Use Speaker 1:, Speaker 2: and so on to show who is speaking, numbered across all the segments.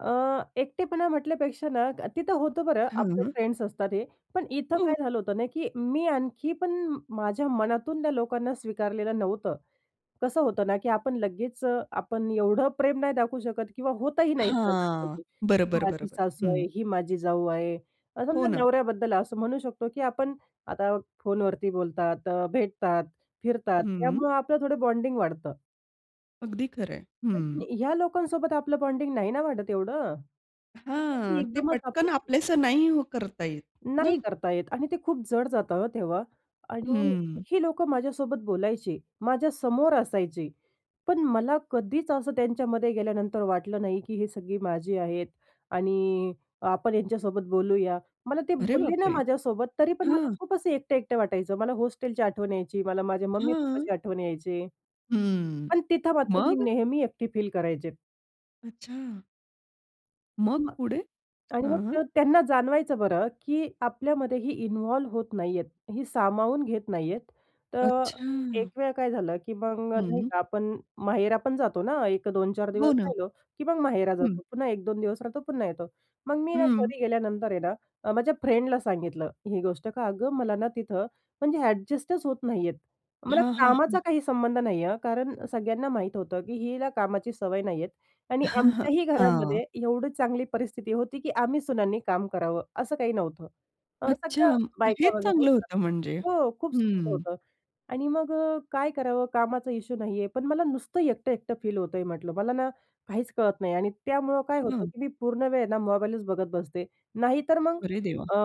Speaker 1: अ, एकटेपणा म्हटल्यापेक्षा ना अ, तिथं होतं बरं आपले
Speaker 2: हं.
Speaker 1: फ्रेंड्स असतात हे. पण इथं
Speaker 2: हं.
Speaker 1: काय झालं होतं ना, की मी आणखी पण माझ्या मनातून त्या लोकांना स्वीकारलेलं नव्हतं. कसं होतं ना, की आपण लगेच अ, आपण एवढं प्रेम नाही दाखवू शकत किंवा होतही नाही
Speaker 2: हां.
Speaker 1: सहजासहजी. ही
Speaker 2: बरोबर,
Speaker 1: माझी
Speaker 2: बरोबर,
Speaker 1: सासू
Speaker 2: हं.
Speaker 1: आहे, ही माझी जाऊ आहे. अ,
Speaker 2: हो
Speaker 1: समजा
Speaker 2: ना.
Speaker 1: नवऱ्याबद्दल असं म्हणू शकतो, की आपण आता फोनवरती बोलतात, अ, भेटतात, फिरतात
Speaker 2: हं.
Speaker 1: त्यामुळं आपलं थोडं बॉन्डिंग वाढतं.
Speaker 2: अगदी खरंय.
Speaker 1: पण
Speaker 2: हं.
Speaker 1: ह्या लोकांसोबत आपलं बॉन्डिंग नाही ना वाढत एवढं. कसं, की
Speaker 2: हां, ते
Speaker 1: एकदमच
Speaker 2: पटकन
Speaker 1: आपण
Speaker 2: आपलंसं नाही करता येत.
Speaker 1: नाही
Speaker 2: हं.
Speaker 1: करता येत आणि ते खूप जड जातं हं, तेव्हा आणि
Speaker 2: हं.
Speaker 1: ही लोकं माझ्यासोबत बोलायची, माझ्यासमोर असायचे, पण मला कधीच असं त्यांच्यामध्ये गेल्यानंतर वाटलं नाही की ही सगळी माझी आहेत आणि आपण यांच्यासोबत बोलूया. मला ते
Speaker 2: अरे
Speaker 1: बोलले ना
Speaker 2: बापरे!
Speaker 1: माझ्यासोबत तरी पण मला
Speaker 2: हां.
Speaker 1: खूप असे एकटं-एकटं वाटायचं. मला हॉस्टेलची आठवण यायची. मला माझ्या मम्मी-पप्पाची
Speaker 2: हं.
Speaker 1: आठवण यायची.
Speaker 2: हं.
Speaker 1: पण तिथं मात्र मी
Speaker 2: मग?
Speaker 1: नेहमी एकटी फील करायचे.
Speaker 2: अच्छा. मग पुढे?
Speaker 1: आणि मग
Speaker 2: हं.
Speaker 1: ते त्यांना जाणवायचं बरं, की आपल्यामध्ये ही इन्वॉल्व होत नाहीयेत, ही सामावून घेत नाही आहेत. तर
Speaker 2: अच्छा.
Speaker 1: एकवेळा काय झालं, की मग नाही
Speaker 2: हं.
Speaker 1: का आपण माहेरा पण जातो ना, 1-2-4 दिवस
Speaker 2: हो ना.
Speaker 1: राहिलो, की मग माहेरा
Speaker 2: हं.
Speaker 1: जातो. पुन्हा 1-2 दिवस राहतो, पुन्हा येतो. मग मी ना
Speaker 2: हं.
Speaker 1: घरी गेल्यानंतर आहे ना अ, माझ्या फ्रेंडला सांगितलं ही गोष्ट, का अगं मला ना तिथं म्हणजे अ‍ॅडजस्टच होत नाहीये. मला
Speaker 2: हां, हां,
Speaker 1: कामाचा
Speaker 2: हां.
Speaker 1: काही संबंध नाही आहे हं, कारण सगळ्यांना माहीत होतं, की हिला कामाची सवय नाही आहे आणि आमच्याही
Speaker 2: हां.
Speaker 1: घरामध्ये एवढी चांगली परिस्थिती होती, की आम्ही सुनांनी काम करावं असं काही नव्हतं. अ,
Speaker 2: अच्छा,
Speaker 1: सगळ्या बायका
Speaker 2: हेच
Speaker 1: वगैरे
Speaker 2: चांगलं
Speaker 1: होत्या.
Speaker 2: होतं म्हणजे.
Speaker 1: हो, खूप सुंदर
Speaker 2: हं.
Speaker 1: होतं. आणि मग अ, काय करावं. कामाचा इश्यू नाही आहे. पण मला नुसतं एकटं-एकटं फील होतंय म्हटलं. मला ना काहीच कळत नाही आणि त्यामुळं काय होतं,
Speaker 2: हं.
Speaker 1: की मी पूर्णवेळ ना मोबाईलच बघत बसते. नाही तर मग
Speaker 2: अरे देवा!
Speaker 1: अ,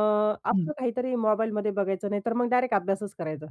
Speaker 2: हं.
Speaker 1: आपलं काहीतरी मोबाईलमध्ये बघायचं. नाही, तर मग डायरेक्ट अभ्यासच करायचा.